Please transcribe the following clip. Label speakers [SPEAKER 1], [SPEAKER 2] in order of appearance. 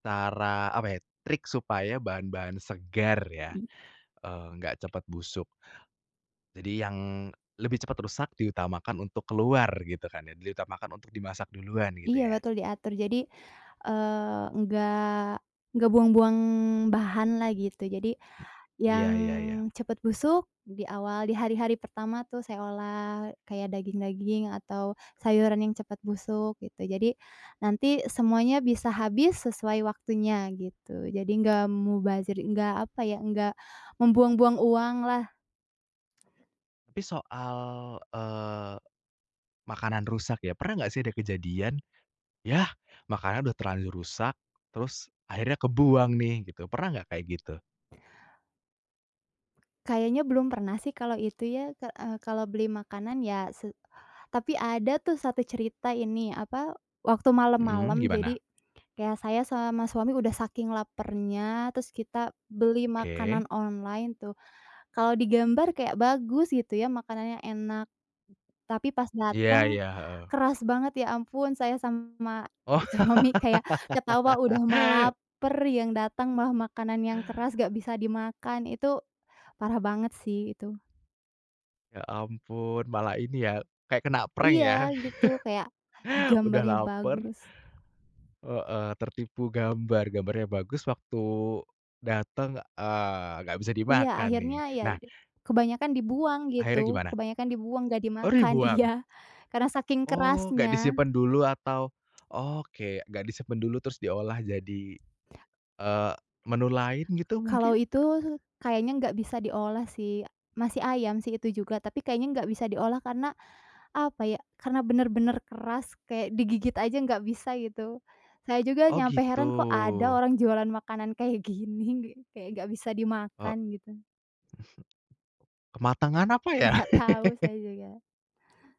[SPEAKER 1] Cara, apa ya trik supaya bahan-bahan segar ya,
[SPEAKER 2] Hmm.
[SPEAKER 1] eee, nggak cepet busuk. Jadi yang lebih cepat rusak diutamakan untuk keluar, gitu kan. Diutamakan untuk dimasak duluan, gitu
[SPEAKER 2] Iya
[SPEAKER 1] ya.
[SPEAKER 2] betul diatur jadi, eee, nggak nggak buang-buang bahan lah gitu jadi, yang
[SPEAKER 1] Iya iya iya.
[SPEAKER 2] cepet busuk di awal di hari-hari pertama tuh saya olah kayak daging-daging atau sayuran yang cepet busuk gitu, jadi nanti semuanya bisa habis sesuai waktunya gitu. Jadi nggak mubazir, nggak apa ya nggak membuang-buang uang lah
[SPEAKER 1] Tapi soal, eee, makanan rusak ya, pernah gak sih ada kejadian? Yah, makanan udah terlanjur rusak, terus akhirnya kebuang nih gitu, pernah gak kayak gitu?
[SPEAKER 2] Kayaknya belum pernah sih kalau itu ya ka eee, kalau beli makanan ya se tapi ada tuh 1 cerita ini, apa waktu
[SPEAKER 1] Mhm,
[SPEAKER 2] malam-malam
[SPEAKER 1] gimana?
[SPEAKER 2] jadi ya saya sama suami udah saking laparnya terus kita beli
[SPEAKER 1] Oke.
[SPEAKER 2] makanan online tuh, kalau digambar kayak bagus gitu ya makanannya enak. Tapi pas
[SPEAKER 1] Iya
[SPEAKER 2] dateng
[SPEAKER 1] iya, heeh.
[SPEAKER 2] keras banget ya ampun saya sama
[SPEAKER 1] Wah.
[SPEAKER 2] suami kayak ketawa udah mah laper, yang datang malah makanan yang keras gak bisa dimakan, itu parah banget sih itu.
[SPEAKER 1] Ya ampun, malah ini ya kayak kena prank
[SPEAKER 2] Iya
[SPEAKER 1] ya.
[SPEAKER 2] gitu kayak, di
[SPEAKER 1] Udah
[SPEAKER 2] gambarnya
[SPEAKER 1] laper.
[SPEAKER 2] bagus.
[SPEAKER 1] Heeh, tertipu gambar, gambarnya bagus waktu datang, eee, gak bisa
[SPEAKER 2] Iya
[SPEAKER 1] dimakan nih,
[SPEAKER 2] akhirnya ya
[SPEAKER 1] nah
[SPEAKER 2] kebanyakan dibuang
[SPEAKER 1] akhirnya
[SPEAKER 2] gitu
[SPEAKER 1] gimana?
[SPEAKER 2] kebanyakan dibuang, gak
[SPEAKER 1] Oh,
[SPEAKER 2] dimakan
[SPEAKER 1] dibuang?
[SPEAKER 2] iya. Karena saking
[SPEAKER 1] Oh, gak
[SPEAKER 2] kerasnya.
[SPEAKER 1] disimpan dulu atau oke gak disimpan dulu terus diolah jadi, eee, menu lain gitu
[SPEAKER 2] Kalau
[SPEAKER 1] mungkin?
[SPEAKER 2] itu kayaknya nggak bisa diolah sih, masih ayam sih itu juga, tapi kayaknya nggak bisa diolah karena, apa ya karena bener-bener keras kayak digigit aja nggak bisa gitu, saya juga
[SPEAKER 1] Oh,
[SPEAKER 2] nyampe
[SPEAKER 1] gitu.
[SPEAKER 2] heran, kok ada orang jualan makanan kayak gini, kayak nggak bisa
[SPEAKER 1] Eee
[SPEAKER 2] dimakan gitu
[SPEAKER 1] Kematangan apa ya?
[SPEAKER 2] Nggak tahu, saya juga.